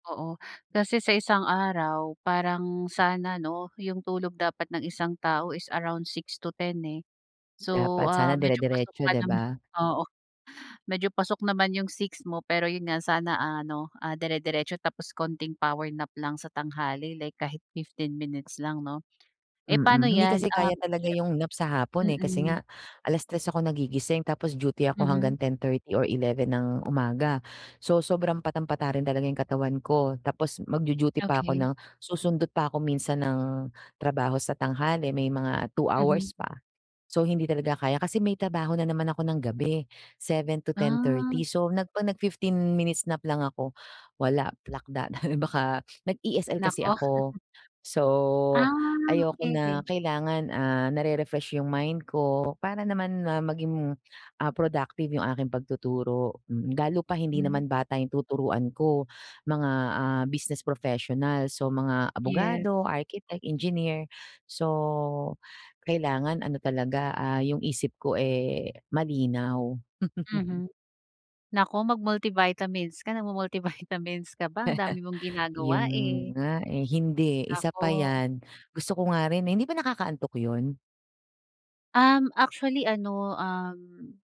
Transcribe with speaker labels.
Speaker 1: Oo, kasi sa isang araw parang sana 'no, yung tulog dapat ng isang tao is around 6 to 10 eh. So,
Speaker 2: Dapat sana
Speaker 1: ah, medyo pasok
Speaker 2: dire-diretso,
Speaker 1: pa
Speaker 2: di
Speaker 1: naman,
Speaker 2: ba?
Speaker 1: oo. Medyo pasok naman yung 6 mo pero yun nga sana ano, ah, dire-diretso tapos konting power nap lang sa tanghali like kahit 15 minutes lang, 'no? Eh
Speaker 2: Mm.
Speaker 1: paano
Speaker 2: Hindi
Speaker 1: yan,
Speaker 2: kasi kaya
Speaker 1: um,
Speaker 2: talaga yung nap sa hapon,
Speaker 1: siyem
Speaker 2: eh, kasi
Speaker 1: mm.
Speaker 2: nga 3:00 ako nagigising tapos duty ako
Speaker 1: Mhm.
Speaker 2: hanggang 10:30 or 11:00 ng umaga. So, sobrang patam-pata rin talaga yung katawan ko tapos magdu-duty pa ako
Speaker 1: Okey.
Speaker 2: ng susundot pa ako minsan ng trabaho sa tanghali may mga 2
Speaker 1: Mhm.
Speaker 2: hours pa. So, hindi talaga kaya kasi may trabaho na naman ako ng gabi, seven to ten
Speaker 1: Ah.
Speaker 2: thirty. So, nag nag-fifteen minutes nap lang ako, wala, plakda na baka nag-ESL kasi
Speaker 1: Naku.
Speaker 2: ako. So,
Speaker 1: Ah,
Speaker 2: ayoko na
Speaker 1: okey-okey.
Speaker 2: kailangan, ah, nare-refresh yung mind ko para naman, ah, maging, ah, productive yung aking pagtuturo, mm. Lalo pa hindi
Speaker 1: Hmm.
Speaker 2: naman bata yung tuturuan ko, mga, ah, business professionals. So, mga
Speaker 1: Yes.
Speaker 2: abogado, architect, engineer. So, kailangan ano talaga, ah, yung isip ko, eh, malinaw.
Speaker 1: Mhm. Naku, mag-multivitamins ka. Nagmu-multivitamins ka ba? Ang dami mong
Speaker 2: Yun
Speaker 1: ginagawa eh.
Speaker 2: nga, eh. Hindi, isa pa
Speaker 1: Naku.
Speaker 2: yan. Gusto ko nga rin, eh. Hindi ba nakakaantok yun?
Speaker 1: Um, actually ano, um